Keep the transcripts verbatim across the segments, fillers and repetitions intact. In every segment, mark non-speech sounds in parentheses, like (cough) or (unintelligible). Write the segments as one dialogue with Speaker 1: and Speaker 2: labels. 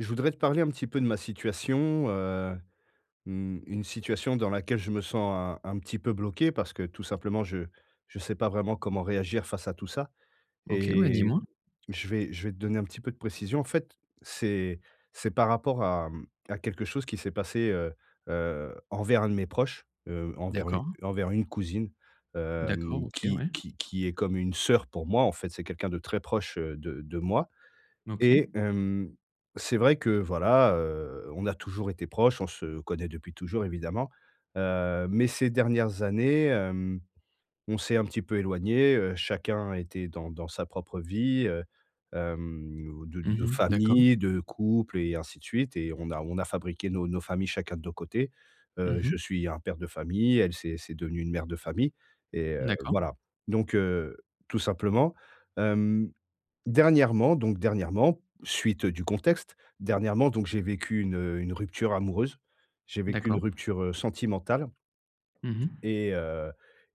Speaker 1: Je voudrais te parler un petit peu de ma situation, heu, mmh, une situation dans laquelle je me sens un un petit peu bloqué parce que, tout simplement, je je sais pas vraiment comment réagir face à tout ça
Speaker 2: OK. Ouais,
Speaker 1: et
Speaker 2: dis-moi.
Speaker 1: je vais je vais te donner un petit peu de précision. En fait, c'est c'est par rapport à à quelque chose qui s'est passé, heu heu, envers un de mes proches, heu, envers une
Speaker 2: D'accord.
Speaker 1: envers une cousine, hem,
Speaker 2: D'accord. OK,
Speaker 1: qui
Speaker 2: ouais.
Speaker 1: qui qui est comme une sœur pour moi, en fait. C'est quelqu'un de très proche, heu, de de moi
Speaker 2: OK.
Speaker 1: et hem, c'est vrai que voilà, heu, on a toujours été proches, on se connaît depuis toujours, évidemment. Heu, mais ces dernières années, hem, on s'est un petit peu éloignés. Heu, chacun était dans dans sa propre vie, heu, hem, de de
Speaker 2: Mmh mh. D'accord.
Speaker 1: famille, de couple et ainsi de suite et on a on a fabriqué nos nos familles chacun de nos côtés.
Speaker 2: Mmh
Speaker 1: Heu,
Speaker 2: mh.
Speaker 1: je suis un père de famille, elle, c'est c'est devenu une mère de famille et heu,
Speaker 2: D'accord.
Speaker 1: voilà. Donc, heu, tout simplement, hem, dernièrement, donc, dernièrement, suite du contexte, dernièrement donc j'ai vécu une une rupture amoureuse, j'ai vécu une
Speaker 2: D'accord.
Speaker 1: rupture, heu, sentimentale
Speaker 2: Mmh mh.
Speaker 1: et heu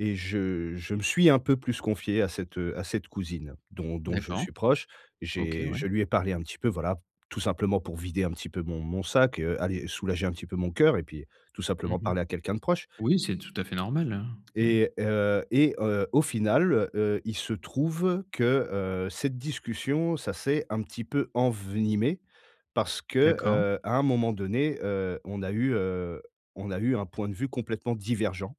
Speaker 1: et je je me suis un peu plus confié à cette, heu, à cette cousine dont dont je
Speaker 2: D'accord.
Speaker 1: suis proche.
Speaker 2: OK,
Speaker 1: J'ai
Speaker 2: ouais.
Speaker 1: je lui ai parlé un petit peu voilà, tout simplement pour vider un petit peu mon mon sac, heu, aller soulager un petit peu mon cœur et puis tout
Speaker 2: Mmh
Speaker 1: simplement
Speaker 2: mh.
Speaker 1: parler à quelqu'un de proche
Speaker 2: Oui c'est tout à fait normal, hein. Ouais.
Speaker 1: et heu et heu, au final, heu, il se trouve que, heu, cette discussion ça s'est un petit peu envenimé parce que,
Speaker 2: D'accord.
Speaker 1: heu, à un moment donné, heu, on a eu, heu, on a eu un point de vue complètement divergent.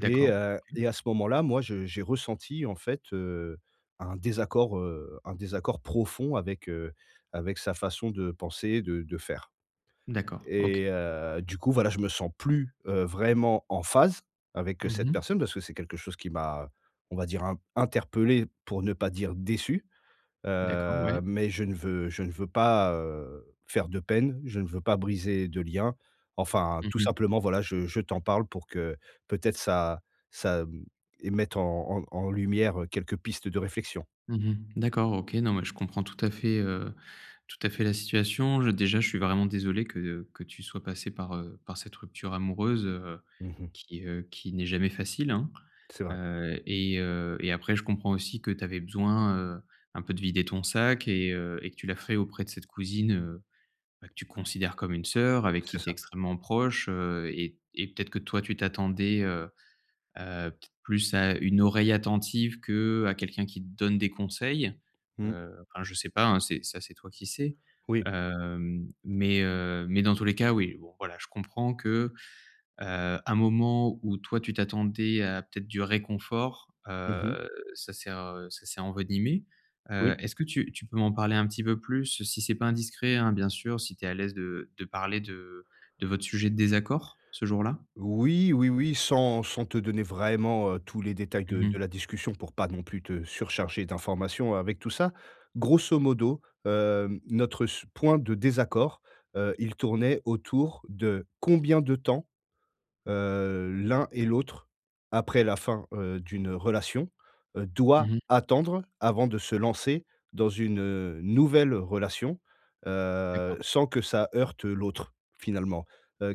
Speaker 1: Et, heu,
Speaker 2: OK.
Speaker 1: et à ce moment-là, moi, je j'ai ressenti en fait, heu, un désaccord, heu, un désaccord profond avec, heu, avec sa façon de penser, de de faire
Speaker 2: D'accord,
Speaker 1: et
Speaker 2: OK.
Speaker 1: heu, du coup, voilà, je me sens plus, heu, vraiment en phase avec
Speaker 2: Mmh
Speaker 1: cette
Speaker 2: mh.
Speaker 1: personne parce que c'est quelque chose qui m'a, on va dire in interpellé pour ne pas dire déçu.
Speaker 2: D'accord, ouais.
Speaker 1: Heu, mais je ne veux je ne veux pas, heu, faire de peine. Je ne veux pas briser de lien. Enfin,
Speaker 2: Mmh
Speaker 1: tout
Speaker 2: mh.
Speaker 1: simplement voilà je je t'en parle pour que, peut-être, ça ça, mmh, émette en en lumière quelques pistes de réflexion.
Speaker 2: Mmh mh. D'accord OK. Non mais je comprends tout à fait, heu, tout à fait la situation. Je, déjà, je suis vraiment désolé que que tu sois passé par, heu, par cette rupture amoureuse, heu,
Speaker 1: Mmh mh.
Speaker 2: qui, heu, qui n'est jamais facile, hein.
Speaker 1: C'est vrai.
Speaker 2: Heu et heu, et après je comprends aussi que tu avais besoin, heu, un peu de vider ton sac et heu et que tu l'as la fait auprès de cette cousine, heu, bah, que tu considères comme une sœur avec
Speaker 1: C'est
Speaker 2: qui tu es
Speaker 1: ça.
Speaker 2: extrêmement proche, heu et et peut-être que toi tu t'attendais, heu heu, peut être plus à une oreille attentive qu'à quelqu'un qui te donne des conseils.
Speaker 1: Mmh.
Speaker 2: Heu, enfin je sais pas, hein, c'est, ça c'est toi qui sais.
Speaker 1: Oui.
Speaker 2: Hem, mais, heu, mais dans tous les cas, oui, bon, voilà, je comprends que, heu, un moment où toi tu t'attendais à peut-être du réconfort,
Speaker 1: Mmh mh.
Speaker 2: heu, ça sert heu, ça s'est envenimé. Heu,
Speaker 1: Oui.
Speaker 2: est-ce que tu tu peux m'en parler un petit peu plus, si c'est pas indiscret, hein, bien sûr, si tu es à l'aise de de parler de de votre sujet de désaccord, ce jour-là?
Speaker 1: Oui, oui, oui, sans sans te donner vraiment tous les détails de
Speaker 2: Mmh
Speaker 1: de
Speaker 2: mh.
Speaker 1: la discussion pour pas non plus te surcharger d'informations avec tout ça. Grosso modo, hem, notre su point de désaccord, heu, il tournait autour de combien de temps, heu, l'un et l'autre après la fin, heu, d'une relation doit
Speaker 2: Mmh mh.
Speaker 1: attendre avant de se lancer dans une, heu, nouvelle relation, heu,
Speaker 2: D'accord.
Speaker 1: sans que ça heurte l'autre finalement.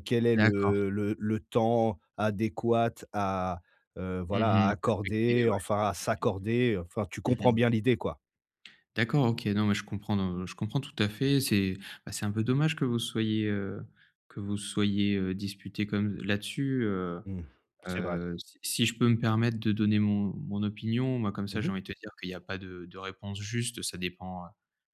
Speaker 1: Quel est
Speaker 2: D'accord.
Speaker 1: le le le temps adéquat à, heu, voilà,
Speaker 2: Mmh
Speaker 1: à
Speaker 2: mh, (unintelligible)
Speaker 1: accorder,
Speaker 2: ouais.
Speaker 1: enfin à
Speaker 2: OK.
Speaker 1: s'accorder? Enfin tu
Speaker 2: Mmh
Speaker 1: comprends
Speaker 2: mh.
Speaker 1: bien l'idée quoi.
Speaker 2: D'accord, OK. non mais je comprends, heu, je comprends tout à fait. C'est, bah, c'est un peu dommage que vous vous soyez, heu, que vous vous soyez disputés comme là-dessus, heu
Speaker 1: Mmh. C'est vrai.
Speaker 2: heu, s si je peux me permettre de donner mon mon opinion. Moi, comme ça
Speaker 1: Mmh
Speaker 2: j'ai
Speaker 1: mh.
Speaker 2: envie de te dire qu'il y a pas de de réponse juste. Ça dépend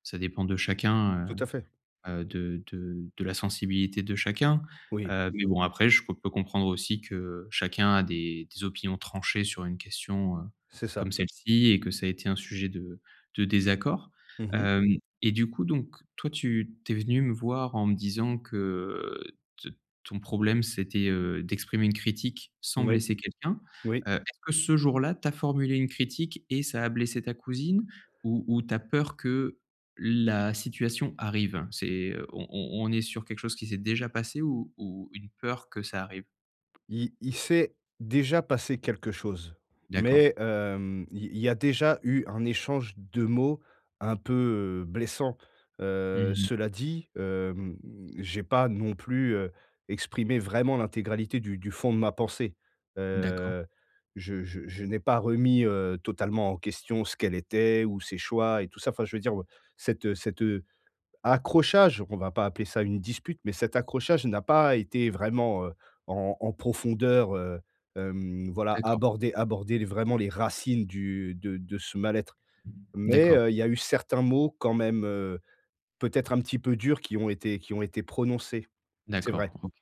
Speaker 2: ça dépend de chacun,
Speaker 1: Tout à fait.
Speaker 2: heu heu, de de de la sensibilité de chacun.
Speaker 1: Oui.
Speaker 2: Heu, mais bon après je peux peux comprendre aussi que chacun a des des opinions tranchées sur une question, heu,
Speaker 1: C'est ça.
Speaker 2: comme celle-ci et que ça a été un sujet de de désaccord.
Speaker 1: Mmh mh.
Speaker 2: Hem et du coup, donc toi tu tu es venu me voir en me disant que t ton problème c'était, heu, d'exprimer une critique sans
Speaker 1: Moui,
Speaker 2: blesser quelqu'un.
Speaker 1: oui.
Speaker 2: Heu, est-ce que ce jour-là tu as formulé une critique et ça a blessé ta cousine ou ou tu as peur que la situation arrive? C'est heu, on on on est sur quelque chose qui s'est déjà passé ou ou une peur que ça arrive?
Speaker 1: Il il s'est déjà passé quelque chose.
Speaker 2: D'accord.
Speaker 1: Mais hem, il il y a déjà eu un échange de mots un peu, heu, blessant.
Speaker 2: Mmh
Speaker 1: Heu,
Speaker 2: mh.
Speaker 1: cela dit, hem, j'ai pas non plus, heu, exprimé vraiment l'intégralité du du fond de ma pensée.
Speaker 2: D'accord.
Speaker 1: Heu, je je je n'ai pas remis, heu, totalement en question ce qu'elle était ou ses choix et tout ça. Enfin je veux dire ou heu cet, heu cet, heu accrochage, on va pas appeler ça une dispute, mais cet accrochage n'a pas été vraiment, heu, en en profondeur, heu hem voilà
Speaker 2: D'accord.
Speaker 1: aborder aborder l vraiment les racines du de de ce mal-être mais
Speaker 2: D'accord.
Speaker 1: heu, il y a eu certains mots quand même, heu, peut-être un petit peu durs qui ont été qui ont été prononcés, c'est
Speaker 2: D'accord,
Speaker 1: vrai.
Speaker 2: OK.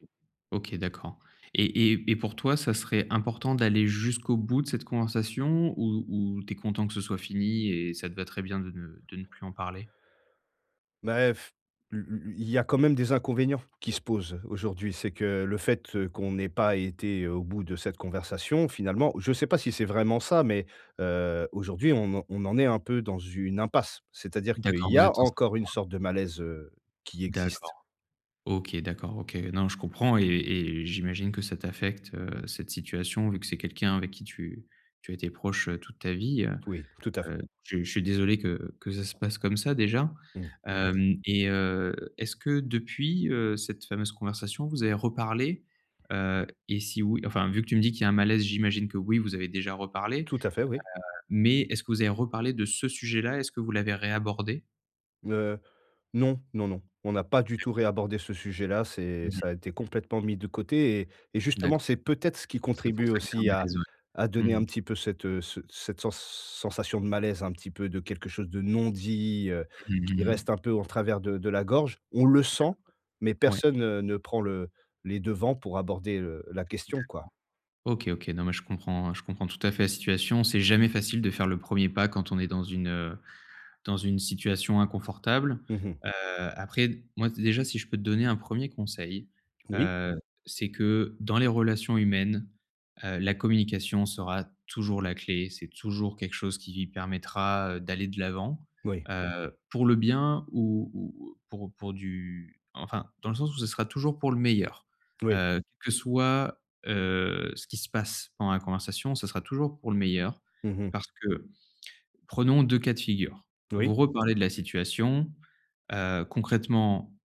Speaker 2: OK, d'accord et et et pour toi ça serait important d'aller jusqu'au bout de cette conversation, où où tu es content que ce soit fini et ça te va très bien de ne de ne plus en parler?
Speaker 1: Mais (blows air) lu lu lu il y a quand même des inconvénients qui se posent aujourd'hui, c'est que le fait qu'on n'ait pas été au bout de cette conversation finalement je sais pas si c'est vraiment ça, mais heu, aujourd'hui on en on en est un peu dans une impasse. C'est-à-dire qu'il
Speaker 2: D'accord
Speaker 1: y
Speaker 2: vous
Speaker 1: a
Speaker 2: êtes ensemble.
Speaker 1: encore une
Speaker 2: (unintelligible)
Speaker 1: sorte de malaise, heu, qui existe.
Speaker 2: D'accord. OK, d'accord. OK. Non je comprends et et j'imagine que ça t'affecte, heu, cette situation, vu que c'est quelqu'un avec qui tu tu as été proche toute ta vie, heu
Speaker 1: Oui, tout à fait.
Speaker 2: heu, je je suis désolé que que ça se passe comme ça déjà.
Speaker 1: Mmh. Merci.
Speaker 2: Hem et heu, est-ce que depuis, heu, cette fameuse conversation vous avez reparlé? Heu, et si oui enfin, vu que tu me dis qu'il y a un malaise, j'imagine que oui vous avez déjà reparlé,
Speaker 1: Tout à fait, oui.
Speaker 2: heu, mais est-ce que vous avez reparlé de ce sujet-là? Est-ce que vous l'avez réabordé?
Speaker 1: Heu, non, non, non. On a pas du tout
Speaker 2: D'accord.
Speaker 1: réabordé ce sujet là c'est
Speaker 2: Mmh mh.
Speaker 1: ça été complètement mis de côté et et justement
Speaker 2: D'accord.
Speaker 1: c'est peut-être ce qui
Speaker 2: C'est pour
Speaker 1: contribue
Speaker 2: ça qu'il y a un
Speaker 1: aussi à
Speaker 2: malaise, ouais.
Speaker 1: à donner
Speaker 2: Mmh mh.
Speaker 1: un petit peu cette, heu, ce cette sens sensation de malaise un petit peu de quelque chose de non-dit, heu,
Speaker 2: Mmh mh.
Speaker 1: qui
Speaker 2: Mmh.
Speaker 1: reste un peu en travers de de la gorge. On le sent, mais
Speaker 2: D'accord. Ouais.
Speaker 1: personne, heu, ne prend le les devants pour aborder, heu, la question, quoi.
Speaker 2: D'accord. OK, OK non mais je comprends hein, je comprends tout à fait la situation, c'est jamais facile de faire le premier pas quand on est dans une dans une situation inconfortable.
Speaker 1: Mmh mh.
Speaker 2: Heu, après d moi déjà si je peux te donner un premier conseil,
Speaker 1: Oui?
Speaker 2: heu, c'est que dans les relations humaines, heu, la communication sera toujours la clé, c'est toujours quelque chose qui permettra d'aller de l'avant,
Speaker 1: Oui.
Speaker 2: heu, pour le bien ou ou, heu, pour pour du enfin, dans le sens où ce sera toujours pour le meilleur.
Speaker 1: Oui.
Speaker 2: Heu, que ce soit, heu, ce qui se passe pendant la conversation ce sera toujours pour le meilleur
Speaker 1: Mmh mh.
Speaker 2: parce que prenons deux cas de figure.
Speaker 1: Oui.
Speaker 2: Vous reparlez de la situation, heu, concrètement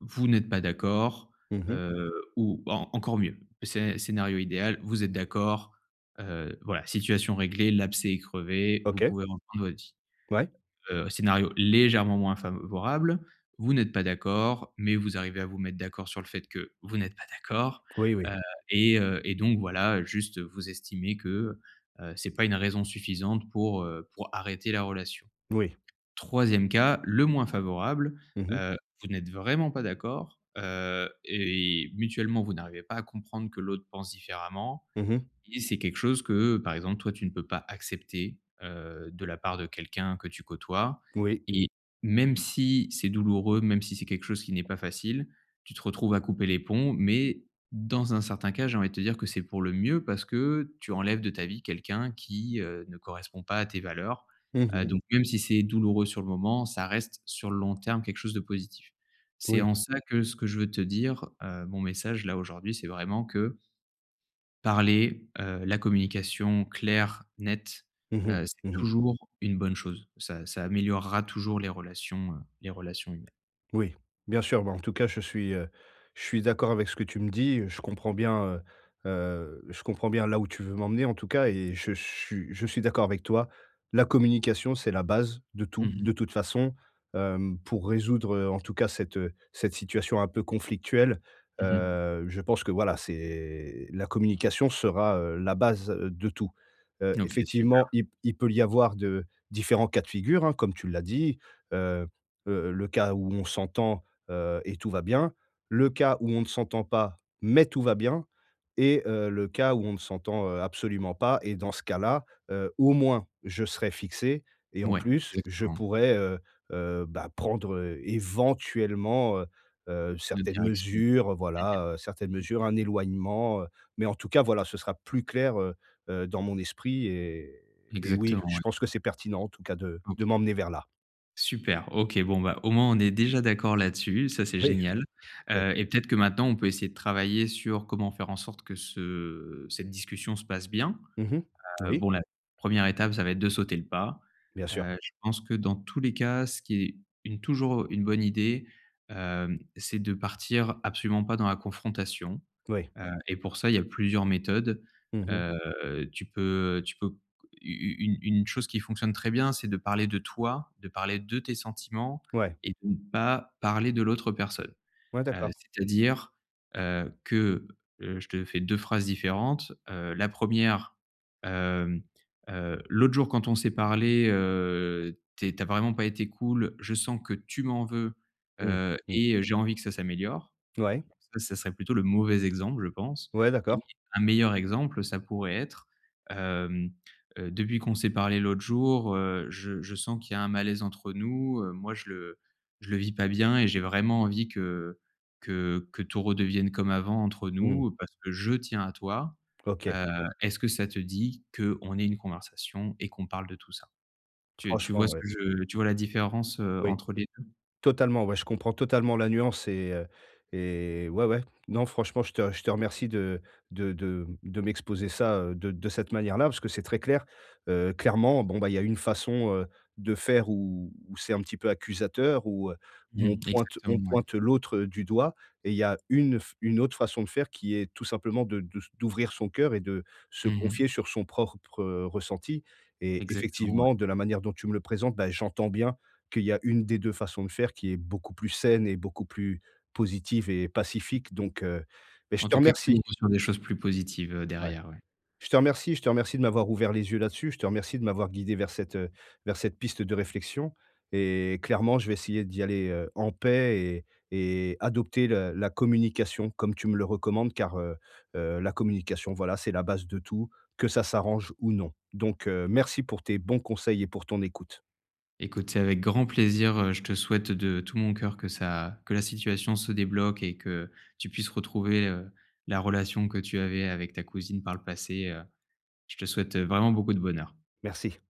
Speaker 2: vous n'êtes pas d'accord,
Speaker 1: Mmh mh.
Speaker 2: heu ou en encore mieux. Scé scénario idéal, vous êtes d'accord, heu, voilà situation réglée, l'abcès est crevé, vous
Speaker 1: OK.
Speaker 2: pouvez reprendre votre vie.
Speaker 1: Ouais.
Speaker 2: Heu, scénario légèrement moins favorable, vous n'êtes pas d'accord, mais vous arrivez à vous mettre d'accord sur le fait que vous n'êtes pas d'accord,
Speaker 1: Oui, oui.
Speaker 2: heu, et heu et donc voilà juste vous estimez que, heu, c'est pas une raison suffisante pour pour arrêter la relation.
Speaker 1: Oui.
Speaker 2: Troisième cas, le moins favorable,
Speaker 1: Mmh mh.
Speaker 2: heu, vous n'êtes vraiment pas d'accord, heu, et mutuellement, vous n'arrivez pas à comprendre que l'autre pense différemment
Speaker 1: Mmh mh.
Speaker 2: et c'est quelque chose que, par exemple, toi tu ne peux pas accepter, heu, de la part de quelqu'un que tu côtoies
Speaker 1: Moui.
Speaker 2: et même si c'est douloureux, même si c'est quelque chose qui n'est pas facile, tu te retrouves à couper les ponts mais dans un certain cas, j'ai envie de te dire que c'est pour le mieux, parce que tu enlèves de ta vie quelqu'un qui, heu, ne correspond pas à tes valeurs.
Speaker 1: Mmh
Speaker 2: Heu,
Speaker 1: mh.
Speaker 2: donc même si c'est douloureux sur le moment, ça reste sur le long terme quelque chose de positif. C'est
Speaker 1: Oui.
Speaker 2: en ça que ce que je veux te dire, heu, mon message là, aujourd'hui c'est vraiment que parler, heu, la communication claire, nette,
Speaker 1: Mmh mh.
Speaker 2: heu, c'est
Speaker 1: Mmh mh.
Speaker 2: toujours une bonne chose. Ça ça améliorera toujours les relations, heuu les relations humaines.
Speaker 1: Oui, bien sûr. Bah en tout cas, je suis, heu je suis d'accord avec ce que tu me dis. Je comprends bien, heu heu je comprends bien là où tu veux m'emmener en tout cas et je suis je suis d'accord avec toi. La communication, c'est la base de
Speaker 2: Mmh
Speaker 1: tout
Speaker 2: mh.
Speaker 1: de toute façon, hem, pour résoudre, heu, en tout cas cette, heu cette situation un peu conflictuelle,
Speaker 2: Mmh mh.
Speaker 1: heu, je pense que voilà, c'est la communication sera, heu, la base de tout. Heu,
Speaker 2: OK, super.
Speaker 1: effectivement, il p il peut y avoir de différents cas de figure, hein, comme tu l'as dit, heu heu, le cas où on s'entend, heu, et tout va bien, le cas où on ne s'entend pas, mais tout va bien et heu, le cas où on ne s'entend, heu, absolument pas et dans ce cas-là, heu, au moins je serai fixé et en
Speaker 2: Mouais,
Speaker 1: plus, je
Speaker 2: exactement.
Speaker 1: pourrais, heu heu, bah prendre éventuellement, heu heu,
Speaker 2: De
Speaker 1: certaines
Speaker 2: direction.
Speaker 1: mesures, voilà, heu certaines
Speaker 2: Mmh mh.
Speaker 1: mesures, un éloignement, heu, mais en tout cas voilà, ce sera plus clair, heu heu, dans mon esprit et et oui,
Speaker 2: Exactement,
Speaker 1: je
Speaker 2: ouais.
Speaker 1: pense que c'est pertinent en tout cas, de
Speaker 2: OK,
Speaker 1: de m'emmener vers là.
Speaker 2: super OK, bon, bah au moins on est déjà d'accord là-dessus, ça c'est
Speaker 1: Oui.
Speaker 2: génial.
Speaker 1: Oui.
Speaker 2: Heu, et peut-être que maintenant on peut essayer de travailler sur comment faire en sorte que ce cette discussion se passe bien.
Speaker 1: Mmh mh.
Speaker 2: Heu,
Speaker 1: Oui.
Speaker 2: bon la première étape ça va être de sauter le pas.
Speaker 1: Bien sûr.
Speaker 2: Heu, je pense que dans tous les cas ce qui est une toujours une bonne idée, heu, c'est de partir absolument pas dans la confrontation,
Speaker 1: Oui.
Speaker 2: heu, et pour ça, il y a plusieurs méthodes.
Speaker 1: Mmh mh.
Speaker 2: Heu, tu peux tu peux c u u une une chose qui fonctionne très bien c'est de parler de toi, de parler de tes sentiments
Speaker 1: Ouais.
Speaker 2: et de ne pas parler de l'autre personne.
Speaker 1: Ouais,
Speaker 2: Heu,
Speaker 1: d'accord.
Speaker 2: c'est-à-dire, heu, que, heu, je te fais deux phrases différentes. Heu, la première, hem heu: «L'autre jour quand on s'est parlé, heu, tu es tu as vraiment pas été cool, je sens que tu m'en veux,
Speaker 1: Mmh,
Speaker 2: heu,
Speaker 1: mmh.
Speaker 2: et heu, j'ai envie que ça s'améliore».
Speaker 1: Ouais.
Speaker 2: Ça, ça serait plutôt le mauvais exemple je pense
Speaker 1: Ouais,
Speaker 2: et
Speaker 1: d'accord.
Speaker 2: un meilleur exemple, ça pourrait être hem heu: «Depuis qu'on s'est parlé l'autre jour, heu, je je sens qu'il y a un malaise entre nous, heu, moi je le je le vis pas bien et j'ai vraiment envie que que que tout redevienne comme avant entre
Speaker 1: Mmh.
Speaker 2: nous, parce que je tiens à toi.
Speaker 1: OK.
Speaker 2: Heu, est-ce que ça te dit qu'on ait une conversation et qu'on parle de tout ça». Tu tu vois
Speaker 1: Franchement,
Speaker 2: ce
Speaker 1: ouais.
Speaker 2: que je tu vois la différence, heu,
Speaker 1: Oui.
Speaker 2: entre les deux?
Speaker 1: Totalement ouais, je comprends totalement la nuance et heu et ouais, ouais, non franchement je te je te remercie de de de m'exposer ça, heu, de de cette manière-là. Parce que c'est très clair. Heu, clairement, bon, bah il y a une façon, heu, de faire où où c'est un petit peu accusateur où heu où on
Speaker 2: Mmh.
Speaker 1: pointe on
Speaker 2: Exactement, ouais.
Speaker 1: pointe l'autre du doigt et il y a une f une autre façon de faire qui est tout simplement de de s d'ouvrir son cœur et de se
Speaker 2: Mmh mh.
Speaker 1: confier sur son prorpre ressenti et
Speaker 2: Exactement, ouais.
Speaker 1: effectivement de la manière dont tu me le présentes, bah j'entends bien qu'il y a une des deux façons de faire qui est beaucoup plus saine et beaucoup plus positive et pacifique donc heu beh je
Speaker 2: En
Speaker 1: te
Speaker 2: tout cas qui
Speaker 1: remercie.
Speaker 2: ouvre sur des choses plus positives, heu,
Speaker 1: Ouais.
Speaker 2: derrière, ouais.
Speaker 1: Je te remercie, je te remercie de m'avoir ouvert les yeux là-dessus. Je te remercie de m'avoir guidé vers cette vers cette piste de réflexion et clairement je vais essayer d'y aller, heu, en paix et et adopter la la communication comme tu me le recommandes car, heu heu, la communication voilà, c'est la base de tout que ça s'arrange ou non donc heu, merci pour tes bons conseils et pour ton écoute.
Speaker 2: Écoute, c'est avec grand plaisir, heu, je te souhaite de tout mon coeur que ça que la situation se débloque et que tu puisses retrouver, heu, la relation que tu avais avec ta cousine par le passé, heu, je te souhaite vraiment beaucoup de bonheur.
Speaker 1: Merci.